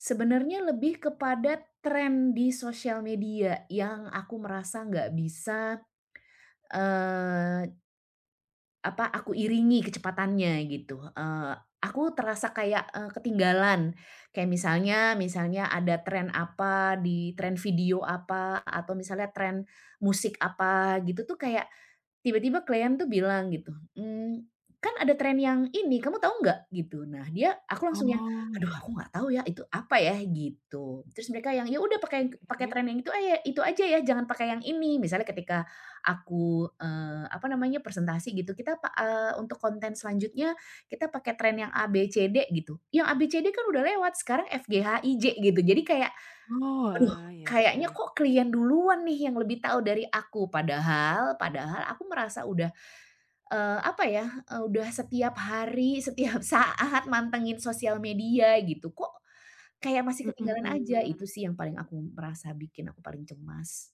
Sebenarnya lebih kepada trend di sosial media yang aku merasa enggak bisa, eee Apa, aku iringi kecepatannya gitu. Eee, aku terasa kayak, eee, ketinggalan. Kayak misalnya misalnya ada trend apa, di trend video apa, atau misalnya trend musik apa gitu tuh kayak, tiba-tiba klien tuh bilang gitu. "Mmm, kan ada trend yang ini, kamu tahu enggak?" gitu, nah dia aku langsung yang, Oh, "Aduh iya. aku enggak tahu ya itu apa ya?" gitu. Terus mereka yang, "Iya udah pakai yang pakai Oke. trend yang itu aya itu saja ya, jangan pakai yang ini." Misalnya ketika aku, eee, apa namanya, presentasi gitu, kita pa eee, untuk konten selanjutnya, kita pakai trend yang A-B-C-D gitu. Yang A-B-C-D kan sudah lewat. Sekarang F-G-H-I-J gitu jadi kayak, Oh, aduh wah, iya kayaknya iya. kok klien duluan nih yang lebih tahu dari aku. Padahal, padahal aku merasa udah, eee, apa ya, e udah setiap hari, setiap saat mantengin sosial media gitu. Kok kayak masih Mhm ketinggalan aja. Itu mhm. sih yang paling aku merasa, bikin aku paling cemas.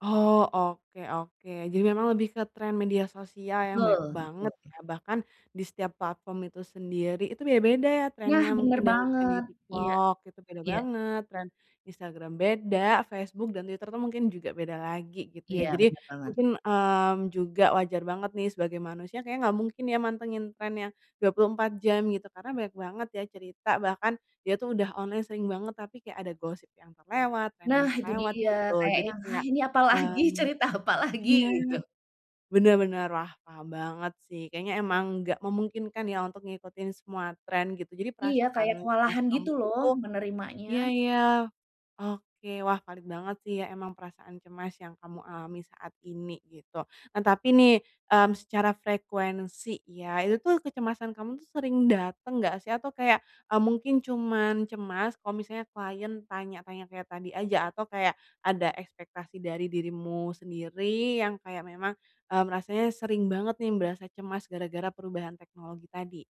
Oh, oke oke. Jadi memang lebih ke trend media sosial yang banyak Betul banget betul. ya, bahkan di setiap platform itu sendiri itu beda-beda Iya trend-nya mungkin bener dari yang di banget. Iya, TikTok itu beda iya. banget, trend Instagram beda, Facebook dan Twitter tuh mungkin juga beda lagi gitu ya. Iya, Jadi bener banget. mungkin, mmm, juga wajar banget nih sebagai manusia kayaknya enggak mungkin ya mantengin trend yang 24 jam gitu. Karena banyak banget ya cerita, bahkan dia tuh udah online sering banget tapi kayak ada gosip yang terlewat, trend yang Nah itu terlewat dia, gitu. kayak Jadi yang, "Hah kayak ini apalagi, mmm, cerita apalagi?" iya. gitu. Bener bener, wah paham banget sih kayaknya memang enggak memungkinkan ya untuk ngikutin semua trend gitu. Jadi Iya, perasaan kayak cemas kewalahan gitu kambuh loh itu menerimanya. iya iya. Oke, wah valid banget sih ya, memang perasaan cemas yang kamu alami saat ini gitu. Nah tapi nih, mmm, secara frekuensi, iya, itu tuh kecemasan kamu tuh sering dateng enggak sih? Atau kayak, eee, mungkin cuman cemas kalau misalnya klien tanya-tanya kayak tadi aja. Atau kayak ada ekspektasi dari dirimu sendiri yang kayak memang, mmm, rasanya sering banget nih berasa cemas gara-gara perubahan teknologi tadi?